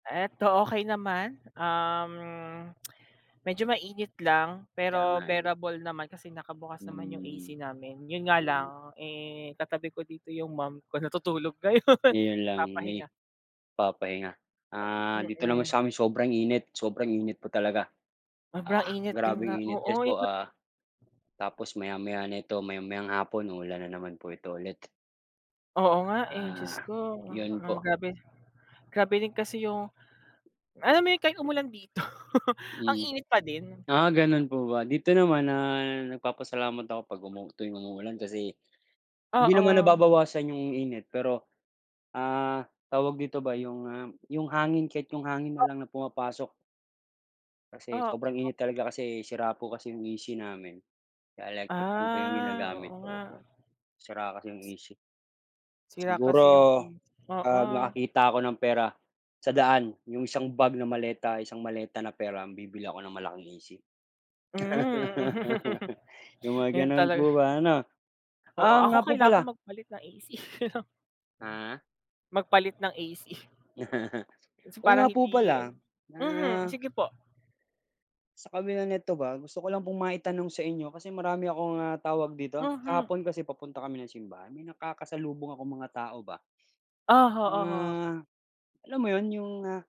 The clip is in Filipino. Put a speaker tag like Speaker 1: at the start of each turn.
Speaker 1: Eto okey naman, um, medyo mainit lang,
Speaker 2: Kaya
Speaker 1: pero
Speaker 2: nga eh.
Speaker 1: bearable naman kasi nakabukas naman yung AC
Speaker 2: Hmm,
Speaker 1: namin. 'Yon nga lang,
Speaker 2: hmm.
Speaker 1: eh, katabi ko dito yung mom ko, natutulog ngayon
Speaker 2: 'Yon lang, may
Speaker 1: papahinga.
Speaker 2: papahinga. Ah, dito naman
Speaker 1: Mm.
Speaker 2: sa'min, sobrang init, sobrang init pa talaga,
Speaker 1: Sobrang
Speaker 2: ah,
Speaker 1: init din
Speaker 2: grabeng
Speaker 1: na
Speaker 2: init
Speaker 1: oo
Speaker 2: yes
Speaker 1: yung
Speaker 2: po,
Speaker 1: ma
Speaker 2: ah, tapos maya-maya nito, maya-mayang hapon, uulan na naman po ito ulit.
Speaker 1: Oo, nga eh, Diyos
Speaker 2: Ah,
Speaker 1: ko,
Speaker 2: 'yon
Speaker 1: ah,
Speaker 2: po.
Speaker 1: grabe, grabe din kasi yung, alam mo yung, kahit umulan dito, ang
Speaker 2: Hmm.
Speaker 1: init pa din.
Speaker 2: Ah, gano'n po ba? Dito naman, ah, nagpapasalamat ako 'pag umu tuwing umuulan kasi, hindi naman
Speaker 1: Oo.
Speaker 2: nababawasan yung init pero, ah, tawag dito ba, yung, ah, yung hangin, kahit yung hangin na,
Speaker 1: O
Speaker 2: lang na pumapasok. Kasi
Speaker 1: Oo.
Speaker 2: sobrang init talaga, kasi, sira po kasi 'yong AC namin, kaya electric fan po 'yong
Speaker 1: Ah, oo
Speaker 2: ginagamit
Speaker 1: nga.
Speaker 2: ko, opo. Sira kasi 'yong AC.
Speaker 1: Sira
Speaker 2: Siguro,
Speaker 1: kasi yung AC,
Speaker 2: 'pag
Speaker 1: oo.
Speaker 2: nakakita ako ng pera, sa daan, yung isang bag na maleta, isang maleta na pera, ang bibili ako ng malaking AC.
Speaker 1: Hmm.
Speaker 2: Yung mga
Speaker 1: Yun
Speaker 2: gano'n
Speaker 1: talaga
Speaker 2: po ba ano.
Speaker 1: oo,
Speaker 2: Ah, oo,
Speaker 1: ako
Speaker 2: nga po
Speaker 1: kailangan
Speaker 2: pala
Speaker 1: kong magpalit ng AC.
Speaker 2: Ah.
Speaker 1: Magpalit ng AC. Kasi,
Speaker 2: Oo nga
Speaker 1: parang
Speaker 2: po
Speaker 1: hindi ano
Speaker 2: pala,
Speaker 1: mhm,
Speaker 2: na
Speaker 1: sige po.
Speaker 2: Sa kabila nito ba, gusto ko lang pong maitanong sa inyo, kasi marami akong, ah, tawag dito?
Speaker 1: Mhm.
Speaker 2: Kahapon kasi, papunta kami ng simbahan, may nakakasalubong akong mga tao ba.
Speaker 1: Oho, oho.
Speaker 2: Mga, alam mo 'yon, yung ah